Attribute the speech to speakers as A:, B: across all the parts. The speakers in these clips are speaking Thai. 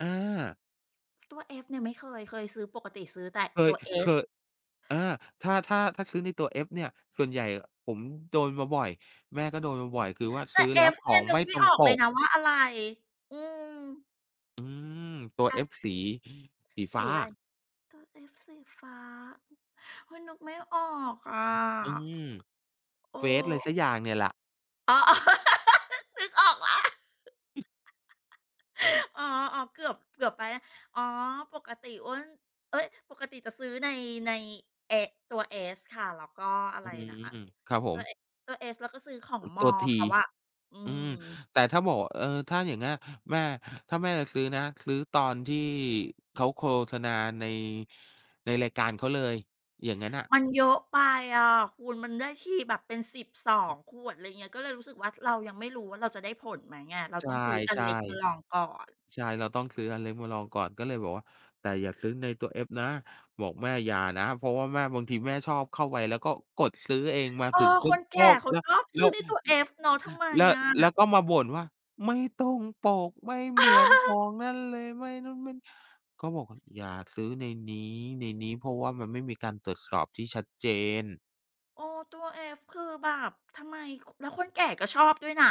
A: อา
B: ตัว F เนี่ยไม่เคย เคยซื้อ ปกติซื้อแต่
A: เค
B: ตั
A: ย
B: ว
A: เค
B: S
A: ย อา ถ้า ถ้า ถ้าซื้อในตัว F เนี่ย ส่วนใหญ่อะผมโดนมาบ่อย แม่ก็โดนมาบ่อย คือว่า
B: แต
A: ซ
B: ่
A: ื้อแล้ว
B: F
A: ข
B: เนี
A: อ
B: ่ย
A: ง
B: นึ
A: ไม
B: ก
A: ่
B: ไม
A: ต
B: ่
A: ร
B: อ
A: ง
B: อก
A: ป
B: เลย
A: ก
B: นะว่าอะไร อืม
A: อืม ตัว
B: แอป
A: F สี สีฟ
B: ส
A: ้า
B: ีอะไร?
A: อะ
B: ตัวเอฟสีฟ้า เฮ้ย นึกไม่ออกอะ
A: อืม
B: เอ
A: เฟซอะไร
B: อ
A: สักอย่างเนี่ยแหละ
B: อ๋อ นึกออกแล้ว
A: อืม
B: อ๋อ ๆ เกือบ เกือบไปแล้ว อ๋อ ปกติอ๊วน เอ๊ย ปกติจะซื้อใน ใน เอ๊ะ ตัว S ค่ะ แล้วก็อะ
A: อ
B: ไ
A: ื
B: รนะ
A: ม ครับผ
B: ตั
A: ม
B: วเอะ ตัว S แล้วก็ซื้อของม
A: ตั
B: อ
A: ว
B: ล
A: T
B: เขาอะ อื
A: อืม
B: ม
A: แต่ถ้าบอกว่า เออ ถ้าอย่างเงี้ย แม่ ถ้าแม่จะซื้อนะ ซื้อตอนที่เขาโฆษณาใน ในรายการเขาเลย อย่างงั้นน่ะ
B: มันเยอะไปอะคุณ มันได้ทีแบบเป็น 12 ขวด ไรเงี้ย ก็เลยรู้สึกว่า ท เรายังไม่รู้ว่า เราจะได้ผลไหมอะ เรา
A: ใช
B: ต้
A: ่
B: องซื้ออันเล็กมาลองก่อน
A: ๆ ใช่ เราต้องซื้ออันเล็กมาลองก่อน ก็เลยบอกว่า "แต่อย่าซื้อในตัว F นะ" บอกแม่ "อย่านะ" เพราะว่าแม่ บางทีแม่ชอบเข้าไปแล้วก็ กดซื้อเอง มา
B: เออ
A: ถึงปุ
B: ค
A: ๊บ
B: นแก
A: ก็
B: ่เขา
A: แล
B: ชอบ
A: แ
B: ซ
A: ล้
B: ื้อ
A: ว
B: ในตัว F เนาะ ทำไม
A: แล้ว
B: อ
A: แล้ว
B: ะ?
A: ก็มาบ่นว่า "ไม่ตรงปก ไม่เหมือนของนั่นเลย ไม่โน่น ไม่นี่" ก็บอกว่า "อย่าซื้อในนี้ ๆ เพราะว่ามันไม่มีการตรวจสอบที่ชัดเจน"
B: เออ ตัว F คือแบบทำไม? ค แล้วคนแก่ก็ชอบด้วยนะ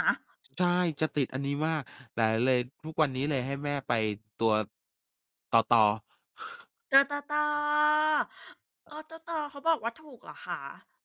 A: ใช่ จะติดอันนี้มาก แต่เลย ทุกวันนี้เลยให้แม่ไป ตัว ตอตอ
B: เตอ ตอตอ เออ ตอตอ เขาบอกว่าถูกเหรอคะ?